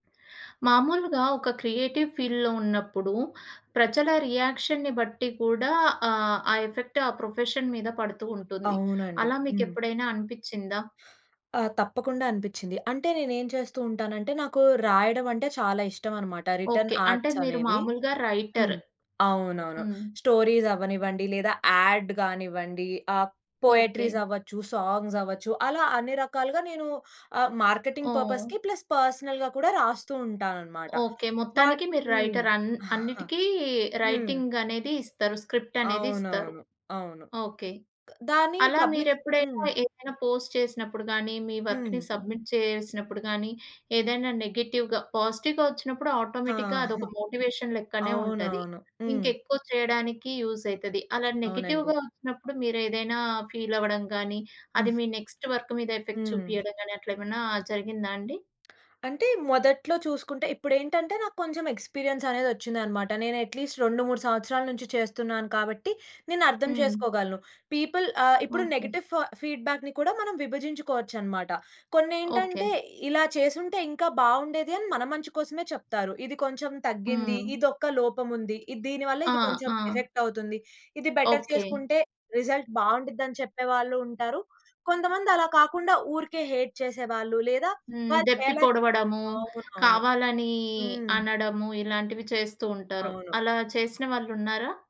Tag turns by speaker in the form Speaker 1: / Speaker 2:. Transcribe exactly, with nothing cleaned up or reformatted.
Speaker 1: మాములుగా ఒక క్రియేటివ్ ఫీల్డ్‌లో ఉన్నప్పుడు, ప్రజల రియాక్షన్‌ని బట్టి కూడా ఆహ్, ఆ ఎఫెక్ట్ ఆ ప్రొఫెషన్ మీద పడుతూ ఉంటుంది.
Speaker 2: అవునండి.
Speaker 1: అలా మీకు
Speaker 2: హ్మ్.
Speaker 1: ఎప్పుడైనా అనిపించిందా?
Speaker 2: ఆ! తప్పకుండా అనిపించింది. అంటే నేను ఏమి చేస్తూంటానంటే, నాకు రాయడమంటే చాలా ఇష్టమన్నమాట రిటర్న్
Speaker 1: ఓకే. అంటే
Speaker 2: ఆర్ట్స్
Speaker 1: మీరు
Speaker 2: అనేవి.
Speaker 1: మాములుగా
Speaker 2: హ్మ్.
Speaker 1: రైటర్.
Speaker 2: అవునవును.
Speaker 1: హ్మ్.
Speaker 2: స్టోరీస్ అవ్వనివ్వండి, లేదా యాడ్ కానివ్వండి. ఆహ్, పోయెట్రీస్
Speaker 1: ఓకే.
Speaker 2: అవ్వచ్చు, సాంగ్స్ అవ్వచ్చు, అలా అన్ని రకాలుగా ఆహ్, మార్కెటింగ్
Speaker 1: ఓహ్!
Speaker 2: పర్పస్‌కి ప్లస్ పర్సనల్‌గా కూడా రాస్తూ ఉంటానన్నమాట.
Speaker 1: ఓకే.
Speaker 2: వాట్
Speaker 1: మొత్తానికి మీరు
Speaker 2: హ్మ్.
Speaker 1: రైటర్ అన్ అన్నిటికి
Speaker 2: హ్మ్.
Speaker 1: రైటింగనేది ఇస్తారు. స్క్రిప్ట్ అనేది ఇస్తారు.
Speaker 2: అవునవును. అవును.
Speaker 1: ఓకే.
Speaker 2: దాన్ని
Speaker 1: అలా
Speaker 2: పబ్లిక్
Speaker 1: మీరెప్పుడైనా
Speaker 2: హ్మ్.
Speaker 1: ఏదైనా పోస్ట్ చేసినప్పుడు గాని, మీ వర్క్‌ని
Speaker 2: హ్మ్.
Speaker 1: సబ్మిట్ చేసినప్పుడు గాని, ఏదైనా నెగెటివ్‌గా, పాజిటివ్‌గా వచ్చినప్పుడు ఆటోమేటిక్‌గా
Speaker 2: ఆహా!
Speaker 1: అదొక మోటివేషన్ లెక్కనే ఉంటది.
Speaker 2: అవునవును. హ్మ్.
Speaker 1: ఇంకెక్కువ చేయడానికి యూజ్ ఐతది అలా
Speaker 2: అవునండి.
Speaker 1: నెగెటివ్‌గా వచ్చినప్పుడు మీరు ఏదైనా ఫీల్ అవ్వడం గాని,
Speaker 2: హ్మ్.
Speaker 1: అది మీ నెక్స్ట్ వర్క్ మీద ఎఫెక్ట్
Speaker 2: హ్మ్.
Speaker 1: చూపియడం గాని అట్లేమన్నా జరిగిందా అండి?
Speaker 2: అంటే మొదట్లో చూసుకుంటే ఇప్పుడెంటంటే, నాకు కొంచెం ఎక్స్‌పీరియెన్స్ అనేది ఒచ్చిందన్నమాట. నేను అట్‌లిస్ట్ రెండు మూడు సంవత్సరాల నుంచి చేస్తున్నాను కాబట్టి నేను అర్థం
Speaker 1: హ్మ్.
Speaker 2: చేసుకోగలను. పీపుల్ ఆహ్, ఇప్పుడు
Speaker 1: ఓకే.
Speaker 2: నెగెటివ్ ఫ ఫీడ్‌బ్యాక్‌ని కూడా మనం విభజించుకోవచ్చన్నమాట.
Speaker 1: ఓకే.
Speaker 2: కొన్నేంటంటే, ఇలా చేసుంటే ఇంకా బాగుండేది అని మన మంచి కోసమే చెప్తారు. ఇది కొంచెం తగ్గింది,
Speaker 1: హ్మ్.
Speaker 2: ఇది ఒక లోపం ఉంది. ఇది దీని వల్ల
Speaker 1: ఆ!
Speaker 2: ఇది కొంచెం
Speaker 1: ఆ!
Speaker 2: ఎఫెక్ట్ అవుతుంది. ఇది బెటర్
Speaker 1: ఓకే.
Speaker 2: చేసుకుంటే, రిజల్ట్ బాగుండ్డిద్ది అని చెప్పేవాళ్ళు ఉంటారు. కొంతమంది అలా కాకుండా ఊరికే హేట్ చేసేవాళ్ళు, లేదా
Speaker 1: హ్మ్.
Speaker 2: వాళ్ళు
Speaker 1: దెప్పి
Speaker 2: చేయలేక
Speaker 1: పొడవడము,
Speaker 2: అవునవును.
Speaker 1: కావాలని
Speaker 2: హ్మ్.
Speaker 1: అనడము, ఇలాంటివి చేస్తూంటారు
Speaker 2: అవును.
Speaker 1: అలా చేసిన వాళ్ళున్నారా?